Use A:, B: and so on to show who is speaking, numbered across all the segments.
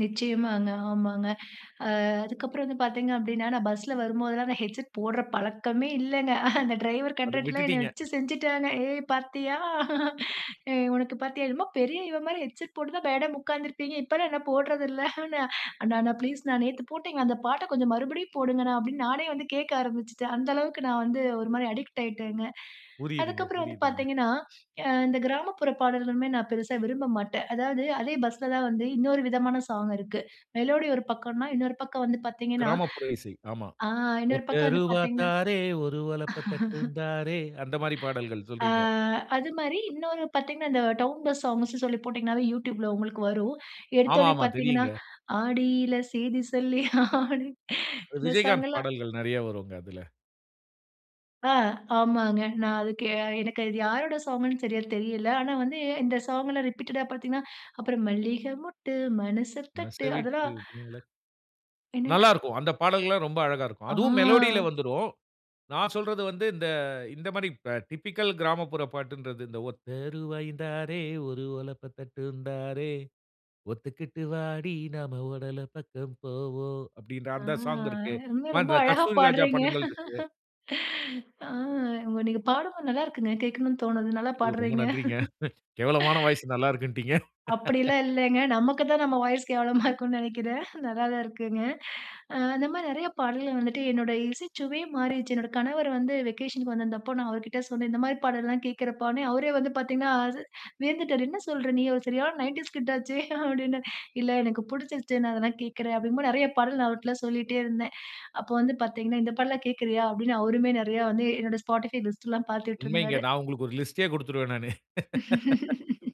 A: நிச்சயமாங்க. ஆமாங்க. அ அதுக்கப்புறம் வந்து பாத்தீங்க அப்டின்னா, நான் பஸ்ல வரும்போதெல்லாம் நான் ஹெட்செட் போடுற பழக்கமே இல்லங்க. அந்த டிரைவர்
B: அதை
A: கண்ட்ரக்டர்லாம் என்ன
B: விட்டுட்டீங்க.
A: வச்சு செஞ்சுட்டாங்க. "ஏய், பாத்தியா? ஏய் உனக்கு பாத்தியா? என்னமோ பெரிய இவ மாதிரி ஹெட்செட் போட்டுதான் மேடம் உக்காந்துருப்பீங்க. இப்போலாம் என்ன போடுறதில்லன்ன" "அண்ணா, அண்ணா, ப்ளீஸ், ணா, நேத்து போட்டீங்க, அந்த பாட்ட கொஞ்சம் மறுபடியும் போடுங்கண்ணா" அப்படின்னு நானே வந்து கேக்க ஆரம்பிச்சுட்டேன். அந்த அளவுக்கு நான் வந்து ஒரு மாரி அடிக்ட் ஆயிட்டேங்க. அதுக்கு
B: புரியுதுங்க
A: அப்புறம் வந்து
B: புரியுதுங்க.
A: பாத்தீங்கன்னா, யா இந்த கிராமப்புற பாடல்களுமே நான் பெருசா விரும்ப மாட்டேன். அதாவது, அதே பஸ்ல தான் வந்து இன்னொரு விதமான ஸாங் இருக்கு. மெலோடி ஒரு பக்கம்ன்னா, இன்னொரு பக்கம் வந்து பாத்தீங்கன்னா
B: கிராமப்புற இசை, ஆமா.
A: ஆ, இன்னொரு
B: "ஒத்த
A: பக்கம் வந்து
B: ரூவா
A: பாத்தீங்கன்னா,
B: தாரேன், ஒரு ஒலப்ப தட்டுந் தாரேன்" அந்த மாரி பாடல்கள்
A: ஆ,
B: சொல்றீங்க.
A: அது மாரி இன்னொரு பாத்தீங்கன்னா, இந்த டவுன் பஸ் சாங்ஸ்ன்னு சொல்லி போட்டீங்கன்னாவே, YouTubeல உங்களுக்கு வரும்.
B: ஆமா
A: எடுத்தோன்னே
B: ஆமா
A: பாத்தீங்கன்னா
B: தெரியுங்க.
A: "ஆடியில சேதி சொல்லி ஆடி"
B: அ
A: இந்த ஸாங்
B: விஜயகாந்த்
A: எல்லாம்
B: பாடல்கள் நெறைய வருங்க, அதில.
A: ஆ, ஆமாங்க. நான் அதுக்கு எனக்கு அது யாரோட ஸாங்குன்னு சரியா தெரியலை. ஆனா வந்து இந்த ஸாங் எல்லாம் ரிப்பீட்டடா பாத்தீங்கன்னா அப்புறம் "மல்லிகை மொட்டு மனச
B: மனச
A: தட்டு"
B: விட்டு,
A: அதெல்லாம்
B: [unintelligible]
A: என்னங்க?
B: நல்லா இருக்கும். அந்த பாடல்கள்லாம் ரொம்ப அழகா இருக்கும்.
A: ஆ,
B: அதுவும் மெலோடில வந்துரும். நான் சொல்றது வந்து, இந்த இந்த மாரி டிபிக்கல் கிராமப்புற பாட்டுன்றது, இந்த "ஒத்த ருவாயுந் தாரேன், ஒரு ஒலப்ப தட்டுந்தாரே, ஒத்துக்கிட்டு வாடி நாம ஓட பக்கம் போவோம்" அப்டின்ற
A: ஆ,
B: அந்த ஸாங் இருக்கு.
A: ஏங்க
B: பா,
A: ரொம்ப
B: இந்த
A: அழகா
B: கஸ்தூரி ராஜா
A: பாடுறீங்க!
B: படங்கள் இருக்கு.
A: ஆ உங்க நீங்க பாடும்போது, நல்லாருக்குங்க. கேட்கணும்னு தோணுது. நல்லா
B: ஐயோ ரொம்ப
A: பாடுறீங்க.
B: நன்றிங்க. கேவலமான வாய்ஸ் நல்லாருக்குன்டீங்க!
A: அப்படி எல்லாம் இல்லைங்க. நமக்குத்தான் நம்ம வாய்ஸ் கேவலமா இருக்கும்ன்னு நெனைக்கிறேன். நல்லாதான்ருக்குங்க. அ அந்த மாரி நெறைய பாடல்கள் வந்துட்டு என்னோட இசைச்சுவையே மாறிடுச்சு. என்னுடைய கணவர் வந்து வெகேஷனுக்கு வந்திருந்தப்போ நான் அவர்கிட்ட சொன்னேன். இந்த மாரி பாடல்லாம் கேட்கிறப்பான்னேன், அவரே வந்து பாத்தீங்கன்னா, அச வியந்துட்டாரு. "என்ன சொல்ற? நீ ஒரு சரியான 90ஸ் கிட் ஆச்சே" அப்டின்னு. "இல்லை, எனக்குப் புடிச்சிருச்சுனால தான் கேக்கிறேன்" அப்படிங்கும்போது நெறைய பாடல் நான் அவர்ட்டலாம் சொல்லிட்டே இருந்தேன். அப்போ வந்து பாத்தீங்கன்னா, "இந்த பாட்டெல்லாம் கேக்கிறயா?" அப்டின்னு அவருமே நெறையா வந்து என்னுடைய Spotify லிஸ்ட் எல்லாம்
B: உண்மைங்க.
A: பாத்துட்ருந்தாரு.
B: நான் உங்களுக்கு ஒரு லிஸ்டயே குடுத்துருவேன் நானு.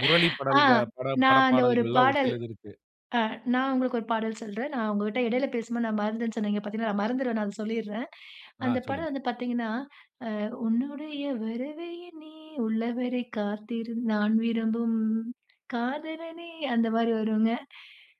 B: முரளி
A: ஆ,
B: படல்க பட பட
A: நான் அந்த ஒரு
B: பாடல்கள்லாம் ஒரு
A: பாடல்
B: சிலது இருக்கு.
A: அ நான் உங்களுக்கு ஒரு பாடல் சொல்றேன். நான் உங்ககிட்ட இடையில பேசும்போது, நான் மறந்தேன்ன்னு சொன்னேன். இங்க பாத்தீங்களா, மறந்துருவேன் நான் அத சொல்லிர்றேன்.
B: ஆ
A: அந்த படம்
B: சொல்லுங்க.
A: வந்து பாத்தீங்கன்னா, அ "உன்னுடைய வரவை எண்ணி உள்ளவரை காத்திரு, நான் விரும்பும் காதலனே" அந்த மாரி வருங்க.